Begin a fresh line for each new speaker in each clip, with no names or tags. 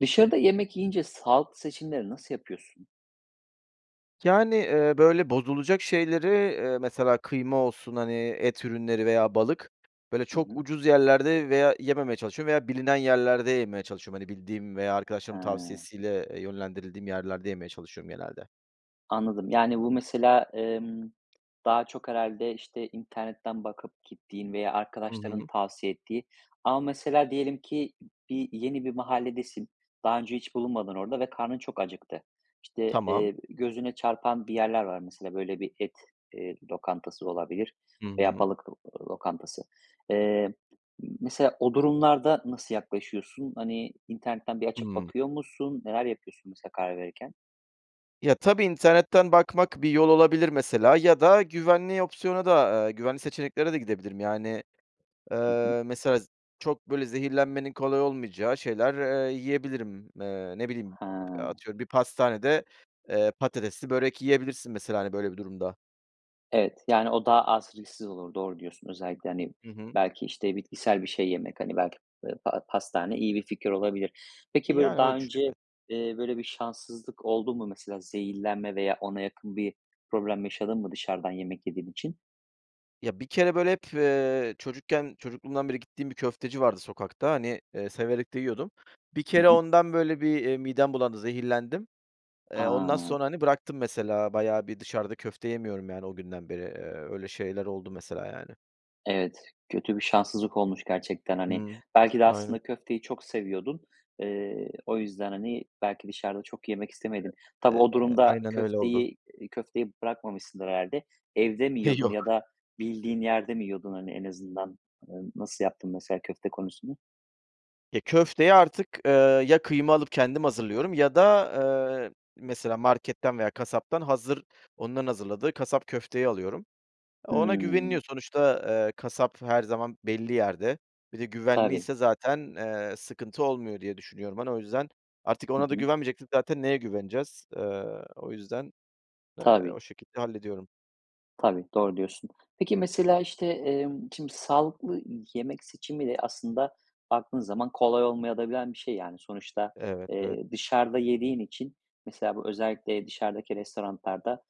Dışarıda yemek yiyince, sağlıklı seçimleri nasıl yapıyorsun?
Yani, eee, böyle, bozulacak şeyleri, eee, mesela, kıyma olsun, hani, et ürünleri veya balık, böyle,
Hı
çok
hı.
ucuz yerlerde veya yememeye çalışıyorum veya bilinen yerlerde yemeye çalışıyorum. Hani, bildiğim veya arkadaşlarımın
He.
tavsiyesiyle, eee, yönlendirildiğim yerlerde yemeye çalışıyorum genelde.
Anladım, yani, bu mesela, emm, daha çok herhâlde, işte, internetten bakıp gittiğin veya
Hı
arkadaşların
hı.
tavsiye ettiği ama mesela diyelim ki bir, yeni bir mahalledesin, daha önce hiç bulunmadın orada ve karnın çok acıktı. İşte,
Tamam.
eee, gözüne çarpan bir yerler var, mesela, böyle, bir et, eee, lokantası olabilir
Hı
veya
hı.
balık lo lokantası. Eee, m mesela, o durumlarda nasıl yaklaşıyorsun? Hani, internetten bir açıp
Hıı.
bakıyor musun? Neler yapıyorsun, mesela, karar verirken?
Ya, tabii, internetten bakmak bir yol olabilir, mesela. Ya da güvenli opsiyona da, ııı, güvenli seçeneklere de gidebilirim, yani,
Hı hı.
eee, mesela, z çok böyle zehirlenmenin kolay olmayacağı şeyler, eee, yiyebilirim. Eee, ne bileyim,
He.
ııı, atıyorum, bir pastanede, eee, patatesli börek yiyebilirsin, mesela, hani, böyle bir durumda.
Evet, yani, o daha az risksiz olur, doğru diyorsun özellikle, hani,
Hı hı.
belki, işte, bitkisel bir şey yemek, hani, belki, ııı, pa pastane iyi bir fikir olabilir. Peki, böyle,
Yani,
daha
öyle düşünüyorum.
önce,
evet.
eee, böyle, bir şanssızlık oldu mu mesela, zehirlenme veya ona yakın bir problem yaşadın mı dışarıdan yemek yediğin için?
Ya, bir kere böyle hep, eee, çocukken, çocukluğumdan beri gittiğim bir köfteci vardı sokakta, hani, eee, severek de yiyordum. Bir
Hı
kere
hı.
ondan böyle bir, eee, midem bulandı, zehirlendim. Eee, ondan
A!
sonra, hani, bıraktım, mesela, bayağı bir dışarıda köfte yemiyorum, yani, o günden beri, eee, öyle şeyler oldu mesela, yani.
Evet, kötü bir şanssızlık olmuş gerçekten, hani.
Hı,
Belki de
aynen.
aslında köfteyi çok seviyordun. Eee, o yüzden, hani, belki dışarıda çok yemek istemedin. Tabii,
E,
o
[unintelligible]
durumda
aynen öyle oldu.
köfteyi, eee, köfteyi bırakmamışsındır herhâlde. Evde mi
E,
yiyordun ya
yok.
da bildiğin yerde mi yiyordun, hani, en azından? Emm, nasıl yaptın mesela köfte konusunu?
E, köfteyi artık, eee, ya kıyma alıp kendim hazırlıyorum ya da, eee, mesela marketten veya kasaptan hazır, onların hazırladığı kasap köfteyi alıyorum. Ona
Hımm.
güveniliyor, sonuçta, eee, kasap her zaman belli yerde. Bir de
Tabii.
güvenliyse zaten, eee, sıkıntı olmuyor diye düşünüyorum, hani, o yüzden. Artık
Hı
ona da
hı.
güvenmeyeceksek zaten neye güveneceğiz? Eee, o yüzden, eee, o
Tabii.
şekilde hallediyorum.
Tabii, doğru diyorsun. Peki, mesela, işte, emm, şimdi sağlıklı yemek seçimi de aslında, baktığın zaman, kolay olmayabilen de bir şey yani. Sonuçta,
Evet, evet.
eee, dışarıda yediğin için mesela bu özellikle dışarıdaki restoranlarda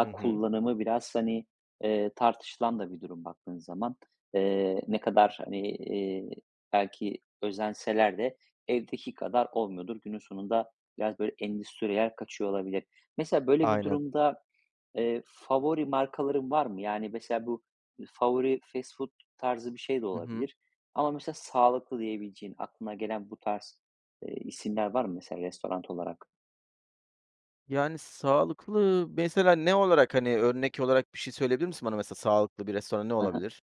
Hı hı.
kullanımı biraz, hani, eee, tartışılan da bir durum baktığın zaman. Eee, ne kadar, hani, eee, belki özenseler de evdeki kadar olmuyordur. Günün sonunda, biraz, böyle, endüstriyel kaçıyor olabilir. Mesela, böyle bir
Aynen.
durumda, eee, favori markaların var mı? Yani, mesela, bu favori fast food tarzı bir şey de
Hı hı.
olabilir. Ama mesela sağlıklı diyebileceğin, aklına gelen bu tarz, eee, isimler var mı mesela restoran olarak?
Yani, sağlıklı mesela ne olarak? Hani, örnek olarak bir şey söyleyebilir misin bana, mesela sağlıklı bir restoran ne
Hı hı.
olabilir?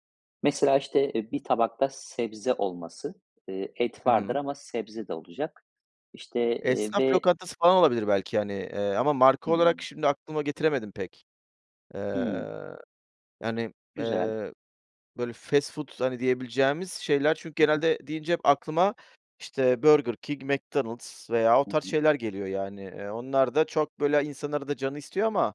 Mesela, işte, eee, bir tabakta sebze olması. Eee, et
Hı
vardır
hı.
ama sebze de olacak. İşte, eee,
Esnaf
ve
lokantası falan olabilir belki, hani, eee, ama marka olarak
Hımm.
şimdi aklıma getiremedim pek.
Hımm.
Eee, yani,
Güzel.
eee, böyle, fast food, hani, diyebileceğimiz şeyler, çünkü
Hı hı.
genelde deyince hep aklıma, işte, Burger King, McDonald’s veya o
Hı
tarz
hı.
şeyler geliyor. Yani, eee, onlar da çok, böyle, insanın arada canı istiyor ama,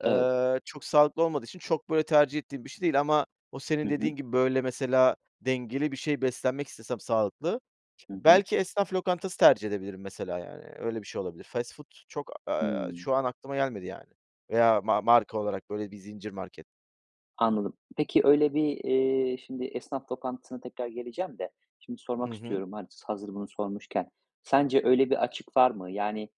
Evet.
eee, çok sağlıklı olmadığı için çok, böyle, tercih ettiğim bir şey değil. Ama o
Hı
senin
hı.
dediğin gibi, böyle, mesela dengeli bir şey beslenmek istesem, sağlıklı,
Hı hı.
belki esnaf lokantası tercih edebilirim mesela. Yani, öyle bir şey olabilir. Fast food çok, eee,
Hımm.
şu an aklıma gelmedi, yani, veya ma marka olarak, böyle, bir zincir market.
Anladım. Peki, öyle bir, eee, şimdi esnaf lokantasına tekrar geleceğim de şimdi
Hı
sormak
hı.
istiyorum, hazır bunu sormuşken. Sence öyle bir açık var mı? Yani,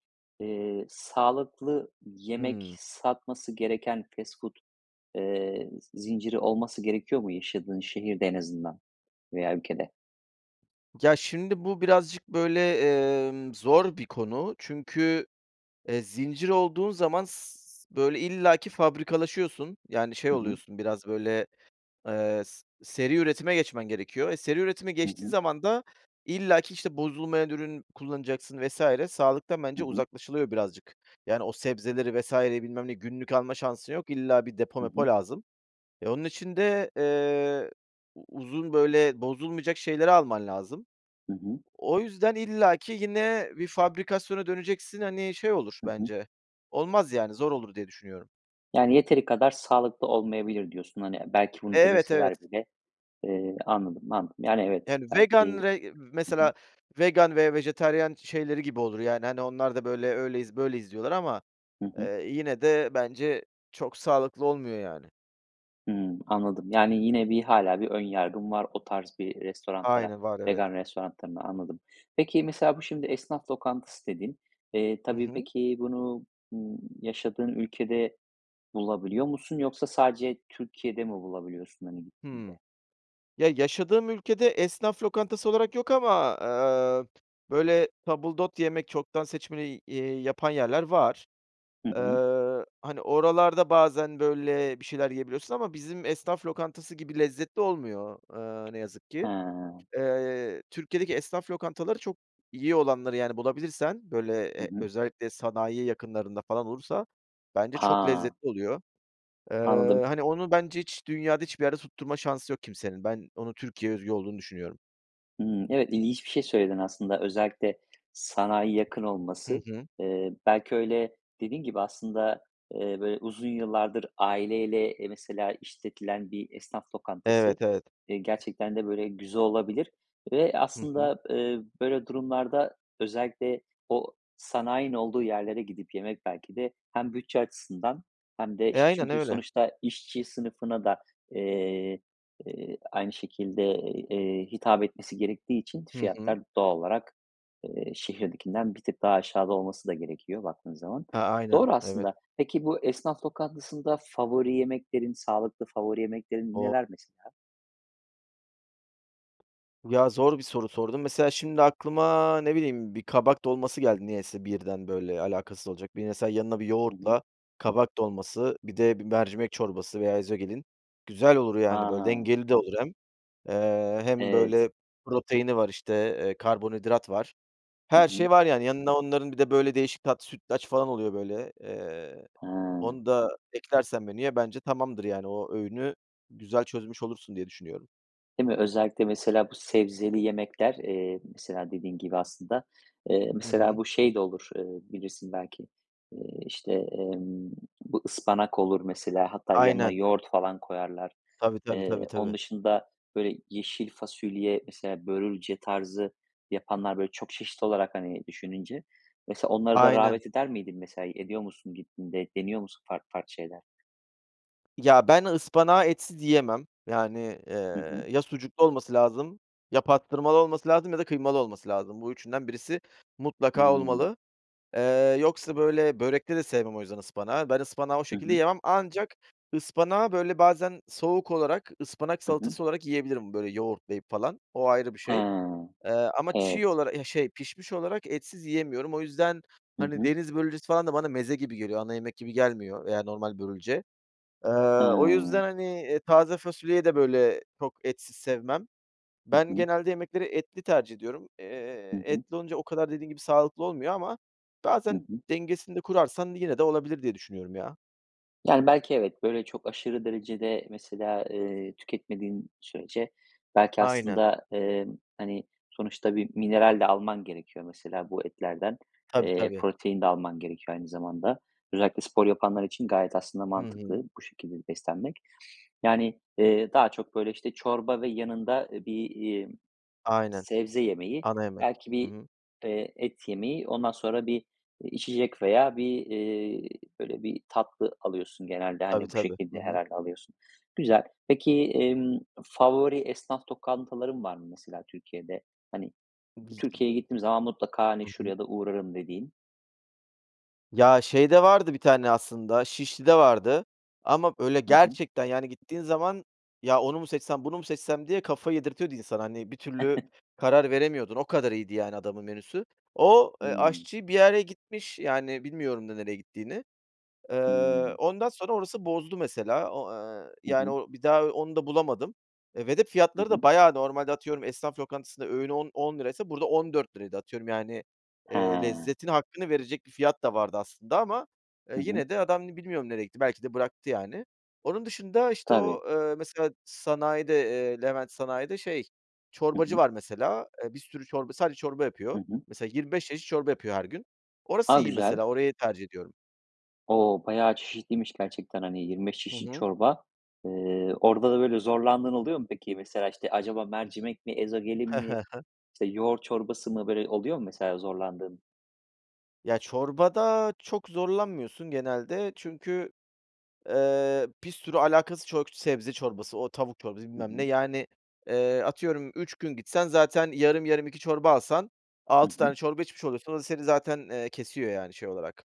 eee, sağlıklı yemek
Hımm.
satması gereken fast food, eee, z zinciri olması gerekiyor mu yaşadığın şehirde en azından veya ülkede?
Ya, şimdi bu, birazcık, böyle, emm, zor bir konu. Çünkü, eee, zincir olduğun zaman s s böyle, illaki fabrikalaşıyorsun, yani, şey
Hı hı.
oluyorsun biraz, böyle, eee, s seri üretime geçmen gerekiyor. E, seri üretime
Hı
geçtiğin
hı.
zaman da illaki, işte, bozulmayan ürün kullanacaksın vs. sağlıktan
Hı
bence
hı.
uzaklaşılıyor birazcık. Yani, o sebzeleri, vs.'yi, bilmem ne, günlük alma şansın yok, illa bir depo,
Hı
mepo
hı.
lazım. E, onun için de, eee, u uzun, böyle, bozulmayacak şeyleri alman lazım.
Hı hı.
O yüzden, illaki yine bir fabrikasyona döneceksin, hani, şey olur
Hı hı.
bence. Olmaz yani, zor olur diye düşünüyorum.
Yani, yeteri kadar sağlıklı olmayabilir, diyorsun. Hani, e, belki, bunu
Evet, evet.
deneseler bile. Eee, anladım, anladım. Yani evet.
Yani, vegan,
Belki
re
Hı hı.
mesela vegan ve vejetaryen şeyleri gibi olur, yani, hani, onlar da böyle, öyleyiz, böyleyiz diyorlar ama,
Hı hı.
eee, yine de bence çok sağlıklı olmuyor, yani.
Hımm, anladım, yani, yine bir hâlâ bir ön yargın var, o tarz bir restoranlara,
Aynı, var evet.
vegan restoranlarına, anladım. Peki, mesela, bu, şimdi esnaf lokantası dedin. Eee,
Hı
tabii,
hı.
peki, bunu, ımm, yaşadığın ülkede bulabiliyor musun? Yoksa sadece Türkiye'de mi bulabiliyorsun, hani, gittiğinde?
Hıı. Ya, yaşadığım ülkede esnaf lokantası olarak yok ama, eee, p böyle tabildot yemek, çoktan seçmeli y eee, yapan yerler var.
Hı hı.
Eee, hani, oralarda bazen, böyle, bir şeyler yiyebiliyorsun ama bizim esnaf lokantası gibi lezzetli olmuyor, eee, ne yazık ki.
He.
Eee, Türkiye'deki esnaf lokantaları çok iyi olanları, yani, bulabilirsen, böyle,
Hı
e,
hı.
özellikle sanayi yakınlarında falan olursa bence çok
Ha.
lezzetli oluyor. Eee,
Anladım.
hani, onu bence hiç dünyada hiçbir yere tutturma şansı yok kimsenin, ben onu Türkiye'ye özgü olduğunu düşünüyorum.
Hımm, evet, ilginç bir şey söyledin aslında, özellikle sanayiye yakın
Hı
olması,
hı.
eee, belki öyle, dediğin gibi aslında, eee, böyle uzun yıllardır aileyle, eee, mesela işletilen bir esnaf lokantası,
Evet, evet.
eee, gerçekten de böyle güzel olabilir ve
Hı hı.
aslında, eee, böyle durumlarda özellikle o sanayinin olduğu yerlere gidip yemek belki de hem bütçe açısından hem de,
E,
işte,
aynen
çünkü
öyle.
sonuçta işçi sınıfına da, eee, eee, aynı şekilde, ııı, eee, hitap etmesi gerektiği için,
Hı hı.
fiyatlar, doğal olarak, eee, şehirdekinden bir tık daha aşağıda olması da gerekiyor, baktığın zaman.
Ha, aynen,
Doğru
evet.
aslında. Peki, bu esnaf lokantasında favori yemeklerin, sağlıklı favori yemeklerin
O
neler mesela?
Ya, zor bir soru sordun, mesela şimdi aklıma, ne bileyim, bir kabak dolması geldi niyeyse birden, böyle, alakasız olacak. Bir mesela yanına bir
Hı hı.
yoğurtla, kabak dolması, bir de, bir mercimek çorbası veya ezogelin güzel olur yani böyle,
A.
dengeli de olur hem. Eee, hem
Evet.
böyle proteini var işte, eee, karbonhidrat var,
Hı
her
hı.
şey var yani. Yanına onların bir de, böyle, değişik tat sütlaç falan oluyor böyle, eee,
Hıı.
onu da eklersen menüye, bence tamamdır, yani, o öğünü güzel çözmüş olursun diye düşünüyorum.
Değil mi? Özellikle mesela bu sebzeli yemekler, eee, mesela dediğin gibi aslında, eee,
Hı
mesela
hı.
bu şey de olur, eee, bilirsin belki. Eee, işte, emm, bu ıspanak olur mesela. Hatta yanına
Aynen.
yoğurt falan koyarlar.
Tabii tabii
Eee,
tabii tabii.
onun dışında, böyle yeşil fasulye, mesela, börülce tarzı yapanlar, böyle, çok çeşit olarak hani düşününce mesela onlara da
Aynen.
rağbet eder miydin? Mesela ediyor musun gittiğinde? Deniyor musun farklı farklı şeyler?
Ya ben ıspanağı etsiz yiyemem, yani,
Hı hı.
eee, ya sucuklu olması lazım, ya pastırmalı olması lazım ya da kıymalı olması lazım. Bu üçünden birisi mutlaka
Hımm.
olmalı, eee, yoksa, böyle, börekte de sevmem o yüzden ıspanağı, ben ıspanağı o
Hı
şekilde
hı.
yemem ancak ıspanağı, böyle, bazen, soğuk olarak, ıspanak
Hı hı.
salatası olarak yiyebilirim, böyle yoğurtlayıp falan, o ayrı bir şey.
Ha.
Eee, ama çiğ
Evet.
olarak, eh, şey, pişmiş olarak etsiz yiyemiyorum. O yüzden,
Hı
hani,
hı.
deniz börülcesi falan da bana meze gibi geliyor, ana yemek gibi gelmiyor veya normal börülce. Eee, o yüzden
Hıı.
hani, eee, taze fasulyeyi de, böyle, çok etsiz sevmem.
Hı
Ben
hı.
genelde yemekleri etli tercih ediyorum,
Hı
eee,
hı.
etli olunca o kadar dediğin gibi sağlıklı olmuyor ama
Hı
bazen,
hı.
dengesini de kurarsan yine de olabilir diye düşünüyorum, ya.
Yani, belki, evet, böyle, çok aşırı derecede, mesela, eee, tüketmediğin sürece belki
Aynen.
aslında, emm, hani, sonuçta bir mineral de alman gerekiyor, mesela, bu etlerden,
Tabii,
eee,
tabii.
protein de alman gerekiyor aynı zamanda. Özellikle spor yapanlar için gayet aslında
Hı hı.
mantıklı bu şekilde beslenmek. Yani, eee, daha çok, böyle, işte, çorba ve yanında, eee, bir, iii,
Aynen.
sebze yemeği,
Ana yemek.
belki
Hı
bir,
hı.
eee, et yemeği, ondan sonra bir, iii, içecek veya bir, eee, böyle, bir tatlı alıyorsun genelde.
Tabii
Hani, bu
tabii. Hı
şekilde
hı.
herhâlde alıyorsun. Güzel. Peki, emm, favori esnaf lokantaların var mı, mesela, Türkiye'de? Hani, "Türkiye'ye
[unintelligible]
gittiğim zaman mutlaka, hani,
Hı hı.
şuraya da uğrarım." dediğin.
Ya, şeyde vardı bir tane aslında, Şişli'de vardı ama, böyle,
Hı hı.
gerçekten, yani, gittiğin zaman: "Ya onu mu seçsem, bunu mu seçsem?" diye, kafayı yedirtiyordu insana. Hani, bir türlü karar veremiyordun, o kadar iyiydi, yani, adamın menüsü. O, eee,
Hımm.
aşçı bir yere gitmiş, yani, bilmiyorum da nereye gittiğini. Eee,
Hımm.
ondan sonra orası bozdu, mesela, o eee,
Hı
yani,
hı.
o bir daha onu da bulamadım, eee, ve de
Hı
fiyatları da
hı.
bayağı... Normalde atıyorum, esnaf lokantasında öğünü on on liraysa burada ₺14'ydı. Atıyorum, yani, eee,
He.
lezzetin hakkını verecek bir fiyat da vardı aslında ama, eee,
Hı hı.
yine de adam bilmiyorum nereye gitti, belki de bıraktı, yani. Onun dışında, işte,
Tabii.
o, eee, mesela, sanayide, eee, Levent Sanayi'de, şey,
Hı
çorbacı
hı.
var, mesela, eee, bir sürü çorba, sadece çorba
Hı
yapıyor.
hı.
Mesela, 25 çeşit çorba yapıyor her gün. Orası
A!
iyi,
Güzel.
mesela, orayı tercih ediyorum.
O, bayağı çeşitliymiş gerçekten, hani, 25
Hı
çeşit
hı.
çorba. Eee, orada da böyle zorlandığın oluyor mu peki? Mesela, işte, acaba mercimek mi? Ezogelin mi? İşte, yoğurt çorbası mı? Böyle, oluyor mu mesela zorlandığın?
Ya çorbada çok zorlanmıyorsun genelde çünkü, eee, pir sürü alakasız çok sebze çorbası, o tavuk çorbası
Hı
bilmem ne,
hı.
yani, eee, atıyorum 3 gün gitsen, zaten yarım yarım 2 çorba alsan
Hı
6
hı.
tane çorba içmiş oluyorsun, o da seni zaten, eee, kesiyor, yani, şey olarak.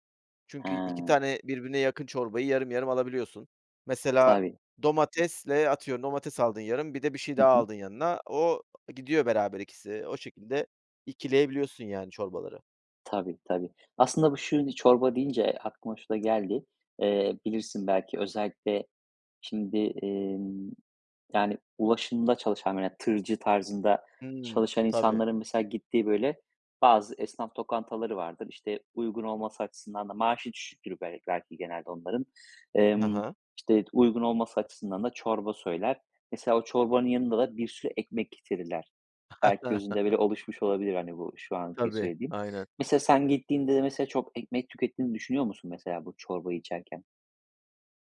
Çünkü 2
He.
tane birbirine yakın çorbayı yarım yarım alabiliyorsun. Mesela,
Tabii.
domatesle, atıyorum, domates aldın yarım, bir de bir şey
Hı
daha
hı.
aldın yanına, o gidiyor beraber ikisi, o şekilde ikileyebiliyorsun yani çorbaları.
Tabii, tabii. Aslında bu [unintelligible] çorba deyince aklıma şu da geldi. Eee, bilirsin belki özellikle şimdi, emm, yani, ulaşımda çalışan veya tırcı tarzında
Hımm,
çalışan
tabii.
insanların mesela gittiği, böyle, bazı esnaf lokantaları vardır. İşte, uygun olması açısından da maaşı düşüktür bel belki genelde onların.
Hı
Emm,
hı.
işte, uygun olması açısından da çorba söyler. Mesela o çorbanın yanında da bir sürü ekmek getirirler. Belki gözünde, böyle, oluşmuş olabilir, hani, bu şu anki
Tabii,
söylediğim.
aynen.
Mesela sen gittiğinde de, mesela, çok ekmek tükettiğini düşünüyor musun, mesela bu çorbayı içerken?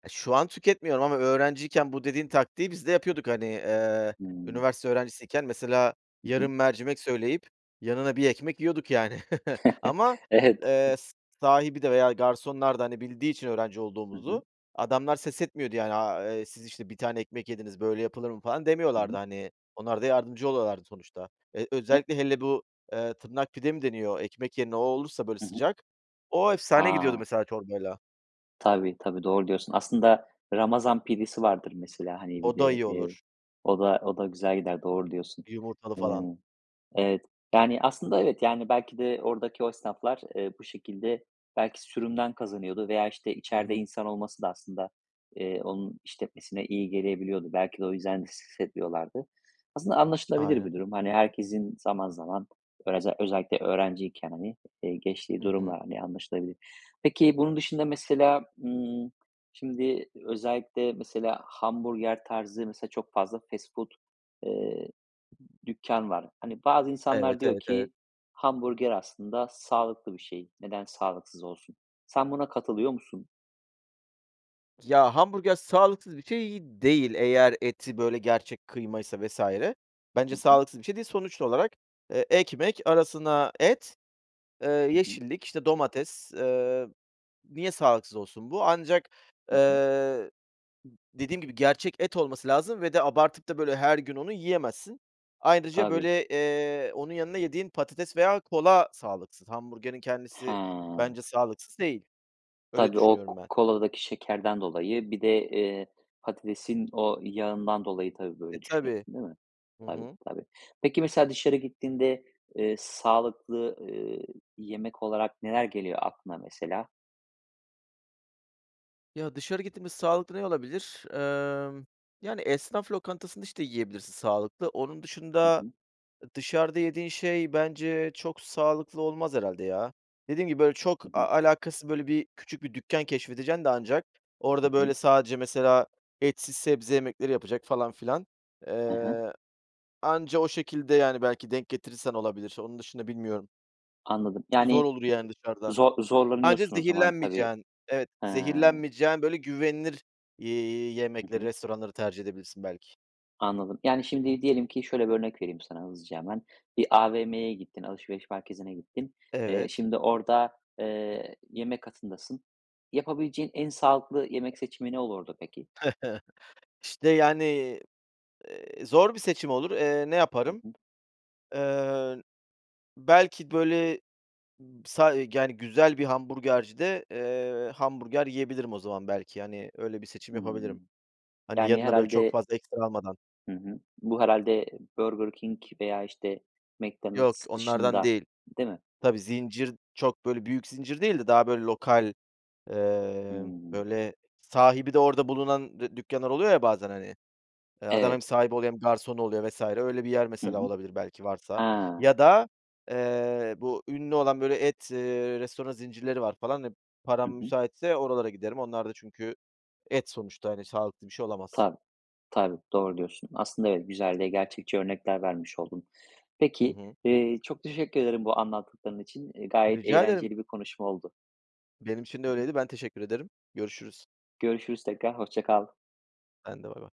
E, şu an tüketmiyorum ama öğrenciyken bu dediğin taktiği biz de yapıyorduk, hani, eee,
Hımm.
üniversite öğrencisiyken, mesela,
Hı hı.
yarım mercimek söyleyip yanına 1 ekmek yiyorduk, yani, ama,
Evet.
eee, s sahibi de veya garsonlar da, hani, bildiği için öğrenci
Hı hı.
olduğumuzu adamlar ses etmiyordu, yani, aaa, eee, "Siz, işte, 1 tane ekmek yediniz. Böyle yapılır mı?" falan
Hı
demiyorlardı,
hı.
hani, onlar da yardımcı oluyorlardı sonuçta. Eee,
[unintelligible]
özellikle hele bu, eee, tırnak pide mi deniyor? Ekmek yerine o olursa, böyle,
Hı hı.
sıcak o efsane gidiyordu,
A!
mesela, çorbayla.
Tabii, tabii. Doğru diyorsun. Aslında ramazan pidesi vardır mesela, hani, bir
O da
de,
iyi
eee,
olur.
o da o da güzel gider, doğru diyorsun.
Yumurtalı falan.
Iıı, evet, yani, aslında, evet, yani, belki de oradaki o esnaflar, eee, bu şekilde belki sürümden kazanıyordu veya, işte,
Hı
içeride
hı.
insan olması da aslında, eee, onun işletmesine iyi gelebiliyordu. Belki de o yüzden [unintelligible] etmiyorlardı. Aslında anlaşılabilir
Aynen.
bir durum. Hani, herkesin zaman zaman, öreze özellikle öğrenciyken, hani, eee, geçtiği
Hı hı.
durumlar, hani, anlaşılabilir. Peki, bunun dışında mesela, ımm, şimdi özellikle, mesela, hamburger tarzı, mesela, çok fazla fast food, eee, dükkân var. Hani, bazı insanlar
Evet,
diyor
evet, evet.
ki: "Hamburger aslında sağlıklı bir şey. Neden sağlıksız olsun?" Sen buna katılıyor musun?
Ya hamburger sağlıksız bir şey, iii, değil. Eğer eti, böyle, gerçek kıymaysa vs. bence
Hı hı.
sağlıksız bir şey değil. Sonuç olarak, eee, ekmek arasına et, eee,
Hı hı.
yeşillik, işte, domates. Eee, niye sağlıksız olsun bu? Ancak,
Hı hı.
eee, dediğim gibi, gerçek et olması lazım ve de abartıp da, böyle, her gün onu yiyemezsin. Ayrıca,
Tabii.
böyle, eee, onun yanına yediğin patates veya kola sağlıksız. Hamburgerin kendisi
He.
bence sağlıksız değil. Öyle
Tabii. O k
düşünüyorum ben.
koladaki şekerden dolayı bir de, eee, patatesin o yağından dolayı, tabii,
E,
böyle
tabii.
düşünüyorsun değil mi?
Hı
Tabii,
hı.
tabii. Peki, mesela dışarı gittiğinde, eee, sağlıklı, eee, yemek olarak neler geliyor aklına, mesela?
Ya, dışarı gittiğimde sağlıklı ne olabilir? Emm, yani, esnaf lokantasında, işte, yiyebilirsin sağlıklı. Onun
Hı
dışında,
hı.
ı dışarıda yediğin şey bence çok sağlıklı olmaz herhâlde ya. Dediğim gibi, böyle, çok
Hı
a
hı.
alakasız, böyle, bir küçük bir dükkân keşfedeceksin de ancak
Hı
orada, böyle,
hı.
sadece mesela etsiz sebze yemekleri yapacak falan filan.
Hı hı.
Eee, anca o şekilde, yani, belki denk getirirsen olabilir. Onun dışında bilmiyorum.
Anladım.
Zor
Yani
olur, yani, dışarıda.
zor
Anca
zorlanıyorsun o zaman tabii.
zehirlenmeyeceğin, evet,
He.
zehirlenmeyeceğin, böyle, güvenilir, eee,
Hı
yemekleri
hı.
restoranları tercih edebilirsin belki.
Anladım, yani, şimdi diyelim ki, şöyle bir örnek vereyim sana hızlıca hemen, bir AVM'ye gittin, alışveriş merkezine gittin. Eee,
Evet.
şimdi orada, eee, yemek katındasın. Yapabileceğin en sağlıklı yemek seçimi ne olurdu, peki?
İşte, yani, eee, zor bir seçim olur. Eee, ne
Hı
yaparım?
hı.
Eee, belki, böyle, sa yani, güzel bir hamburgercide, eee, hamburger yiyebilirim o zaman. Belki, hani, öyle bir seçim yapabilirim.
Hımm.
Hani,
Yani,
yanına, böyle, çok
herhâlde
fazla ekstra almadan.
Hı hı. Bu herhâlde Burger King veya, işte,
Yok,
McDonald's
onlardan
dışında,
değil.
değil mi?
Tabii, zincir çok, böyle, büyük zincir değil de daha, böyle, lokal, eee,
Hımm.
böyle, sahibi de orada bulunan dü dükkânlar oluyor ya bazen, hani. Adam
Evet.
hem sahibi oluyor hem garson oluyor vs. öyle bir yer
Hı
mesela
hı.
olabilir belki varsa
Ha.
ya da, eee, bu ünlü olan, böyle, et, eee, restoranı zincirleri var falan. Eee,
Hı
param
hı.
müsaitse oralara giderim, onlar da çünkü et sonuçta, hani, sağlıklı bir şey olamaz.
Tabii, tabii. Doğru diyorsun. Aslında, evet, güzel ve gerçekçi örnekler vermiş oldun.
Hı
Peki,
hı.
eee, çok teşekkür ederim bu anlattıkların için. Eee, gayet
Rica ederim.
eğlenceli bir konuşma oldu.
Benim için de
Hı hı.
öyleydi. Ben teşekkür ederim. Görüşürüz.
Görüşürüz tekrar. Hoşça kal.
Ben de. Bye bye.